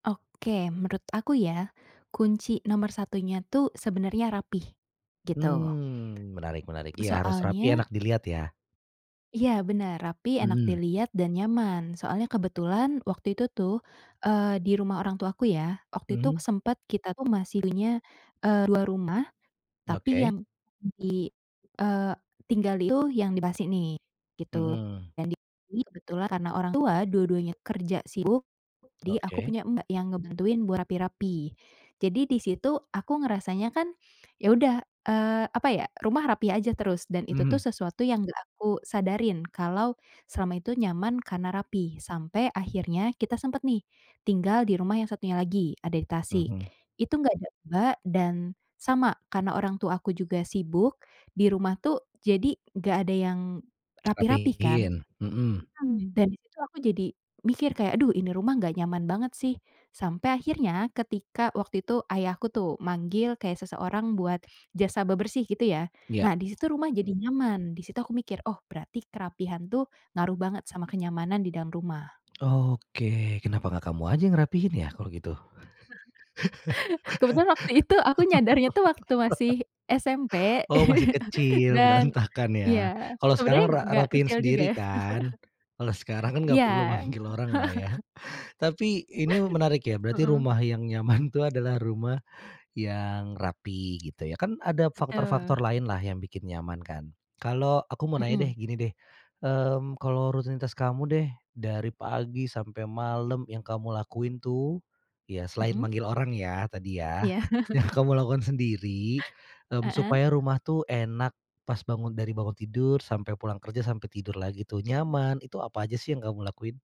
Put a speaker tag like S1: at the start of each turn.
S1: Oke. Menurut aku ya, kunci nomor satunya tuh sebenarnya rapi, gitu.
S2: Mmm. Menarik menarik. Iya, harus rapi, enak
S1: Soalnya
S2: dilihat, ya.
S1: Iya, benar. Rapi, enak
S2: Mhm.
S1: dilihat, dan nyaman. Soalnya kebetulan waktu itu tuh, eee, di rumah orang tuaku ya, waktu itu
S2: Mhm.
S1: sempat kita tuh masih punya, e 2 rumah, tapi
S2: Oke.
S1: yang i e tinggali itu yang [unintelligible] nih, gitu.
S2: Hmm.
S1: Dan, ini kebetulan, karena orang tua dua-duanya kerja sibuk, jadi aku
S2: Oke.
S1: punya mbak yang ngebantuin buat rapi-rapi. Jadi, di situ aku ngerasanya kan, ya udah, eee, apa ya, rumah rapi aja terus, dan itu tuh,
S2: Mhm.
S1: sesuatu yang enggak aku sadarin, kalau selama itu nyaman karena rapi. Sampai akhirnya, kita sempat nih, tinggal di rumah yang satunya lagi, ada di Tasik.
S2: Mhm.
S1: Itu enggak ada mbak, dan sama, karena orang tua aku juga sibuk, di rumah tuh, jadi enggak ada yang rapi-rapi, kan.
S2: Rapihin, hmm.
S1: Hmm, dan di situ aku jadi mikir kayak, "Aduh, ini rumah enggak nyaman banget, sih." Sampai akhirnya, ketika waktu itu ayahku tuh manggil kayak seseorang buat jasa bebersih, gitu ya.
S2: Ya.
S1: Nah, di situ rumah jadi nyaman. Di situ aku mikir, "Oh, berarti kerapihan tuh, ngaruh banget sama kenyamanan di dalam rumah."
S2: Oke. Kenapa enggak kamu aja ngerapihin, ya, kalau gitu?
S1: Kebetulan waktu itu, aku nyadarnya, tuh, waktu masih SMP,
S2: Oh, masih kecil,
S1: dan
S2: berantakan, ya.
S1: iya,
S2: Kalau
S1: sebenarnya
S2: sekarang ra
S1: enggak
S2: rapihin
S1: kecil juga,
S2: sendiri,
S1: ya.
S2: kan? Kalau sekarang, kan, enggak
S1: Iya.
S2: perlu manggil oranglah, ya. Tapi, ini menarik, ya. Berarti
S1: Hmm.
S2: rumah yang nyaman, tuh, adalah rumah yang rapi, gitu ya. Kan ada
S1: Betul.
S2: faktor-faktor lainlah, yang bikin nyaman, kan. Kalau, aku mau nanya
S1: Hmm.
S2: deh, gini deh, eee, kalau rutinitas kamu deh, dari pagi sampai malam yang kamu lakuin tuh, ya selain
S1: Hmm.
S2: manggil orang ya, tadi ya,
S1: Iya.
S2: yang kamu lakukan sendiri, e
S1: Heeh.
S2: supaya rumah tuh enak pas bangun dari bangun tidur sampai pulang kerja, sampai tidur lagi tuh nyaman, itu apa aja sih yang kamu lakuin?